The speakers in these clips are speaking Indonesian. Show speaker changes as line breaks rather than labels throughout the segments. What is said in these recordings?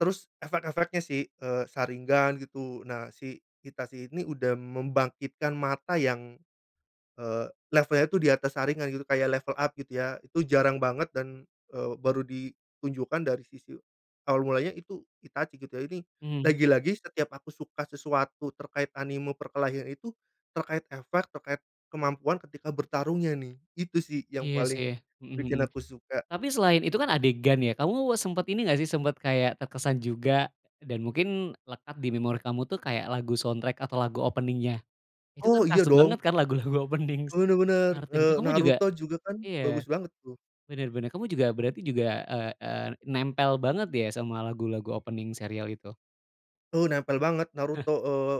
Terus, efek-efeknya sih. Eee, Sharingan, gitu. Nah si Itachi ini udah membangkitkan mata yang, eee, levelnya tuh di atas Sharingan, gitu. Kayak level up, gitu ya. Itu jarang banget, dan, eee, baru ditunjukkan dari sisi awal mulanya itu Itachi, gitu ya. Ini,
Mmm.
lagi-lagi setiap aku suka sesuatu terkait anime perkelahian itu, terkait efek, terkait kemampuan ketika bertarungnya nih, itu sih yang
Iya, sih.
paling
Mhm
bikin
mhm.
aku suka.
Tapi selain itu kan, adegan ya? Kamu sempet ini nggak sih, sempet kayak terkesan juga, dan mungkin lekat di memori kamu tuh, kayak lagu soundtrack atau lagu opening-nya? Itu kan
Oh, iya
kerasa
dong.
banget kan lagu-lagu opening. s
Benar benar.
Naruto yang itu
Eee,
kamu juga
Naruto juga kan
iya.
bagus banget, tuh.
Bener bener. Kamu juga, berarti juga, eee eee, nempel banget, ya sama lagu-lagu opening serial itu?
Eee, nempel banget Naruto. Eee,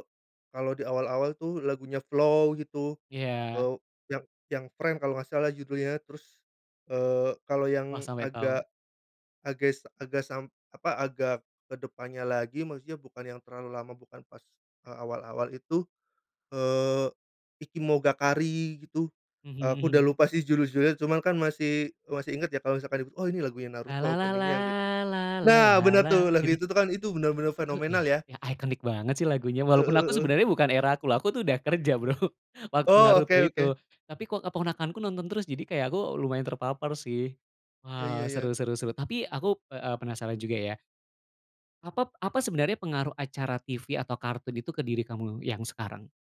kalau di awal-awal tuh, lagunya FLOW gitu.
Iya.
Eee, yang yang Friend kalau nggak salah, judulnya. Terus, eee, kalo
Wah,
yang
sampai tahu.
agak ages agas sam apa, agak ke depannya lagi, maksudnya bukan yang terlalu lama, bukan pas, eee, awal-awal itu, eee, Ikimonogakari, gitu.
Mhm
Aku udah
mhm.
lupa sih judul-judulnya, cuman kan masih masih inget ya. Kalo misalkan itu, "Oh! Ini lagunya Naruto, opening-nya," gitu. Nah, benar tuh. Lagu
Gitu?
itu tuh kan, itu bener-bener
Itu ya
fenomenal, ya.
ya, iconic banget sih, lagunya.
Heeh
Walaupun aku
heeh.
sebenarnya, bukan era aku loh. Aku tuh udah kerja Bro, waktu
Oh.
Naruto
Oke
itu.
oke.
Tapi kok keponakanku nonton terus? Jadi kayak, aku lumayan terpapar sih.
Ya
Wah.
ya
Seru
ya.
seru seru. Tapi aku, eee, a penasaran juga, ya apap apa sebenarnya, pengaruh acara TV atau kartun itu, ke diri kamu yang sekarang?